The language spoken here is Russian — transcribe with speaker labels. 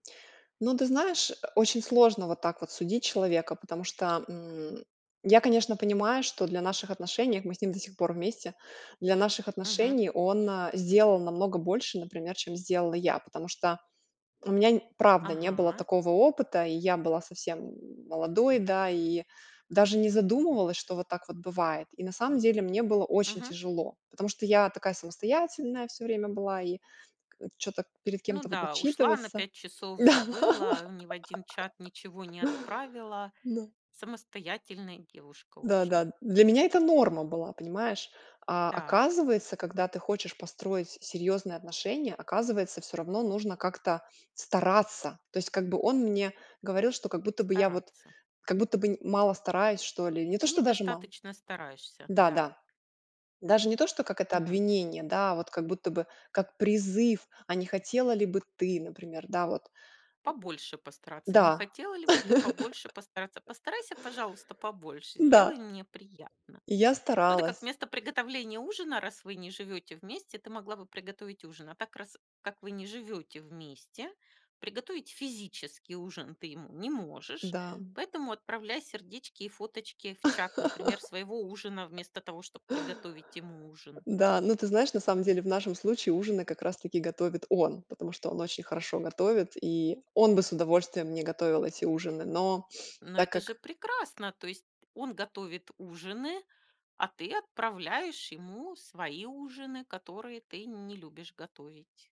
Speaker 1: Ну, ты знаешь, э, очень сложно вот так вот судить человека, потому что, м, я, конечно, понимаю, что для наших отношений, а мы с ним до сих пор вместе, для наших
Speaker 2: Мгм.
Speaker 1: отношений он, э, сделал намного больше, например, чем сделала я. Потому что у меня нь правда не было
Speaker 2: Ага.
Speaker 1: такого опыта, и я была совсем, м, молодой, да. И даже не задумывалась, что вот так вот бывает. И на самом деле мне было очень
Speaker 2: Мгм.
Speaker 1: тяжело. Потому что я такая самостоятельная всё время была и, к чё-то перед
Speaker 2: Ну
Speaker 1: кем-то вот
Speaker 2: да, ушла на
Speaker 1: отчитываться.
Speaker 2: 5 часов,
Speaker 1: Да.
Speaker 2: забыла, ни в 1 чат ничего не отправила.
Speaker 1: Да.
Speaker 2: Самостоятельная девушка
Speaker 1: Да
Speaker 2: очень.
Speaker 1: да. Для меня это норма была, понимаешь. А,
Speaker 2: Так.
Speaker 1: оказывается, когда ты хочешь построить с серьёзные отношения, оказывается, всё равно нужно как-то стараться. То есть как бы он мне говорил, что как будто бы я, вот,
Speaker 2: Стараться.
Speaker 1: как будто бы н мало стараюсь, что ли. Не то, что даже мало.
Speaker 2: Недостаточно стараешься,
Speaker 1: Да
Speaker 2: да.
Speaker 1: да. Даже не то что как это
Speaker 2: Мгм.
Speaker 1: обвинение, да, а вот как будто бы как призыв: "А не хотела ли бы ты, например, да, вот?"
Speaker 2: Побольше
Speaker 1: Э,
Speaker 2: постараться. Не
Speaker 1: да.
Speaker 2: хотела ли бы ты побольше постараться? Постарайся, пожалуйста, побольше,
Speaker 1: М-да.
Speaker 2: сделай мне приятно.
Speaker 1: И я
Speaker 2: Ну, это как
Speaker 1: старалась.
Speaker 2: вместо приготовления ужина, раз вы не живёте вместе, ты могла бы приготовить ужин. А так, раз, как не живёте вместе, приготовить физический ужин ты ему не можешь.
Speaker 1: Да, м.
Speaker 2: Поэтому отправляй сердечки и фоточки в чат, например, своего ужина, вместо того, чтоб приготовить ему ужин.
Speaker 1: Н-да. Ну, ты знаешь, на самом деле в нашем случае ужины как раз таки готовит он. Потому что он очень хорошо готовит, и он бы с удовольствием мне готовил эти ужины. Но
Speaker 2: Ну,
Speaker 1: так
Speaker 2: это же
Speaker 1: как
Speaker 2: прекрасно, то есть он готовит ужины, а ты отправляешь ему свои ужины, которые ты не любишь готовить.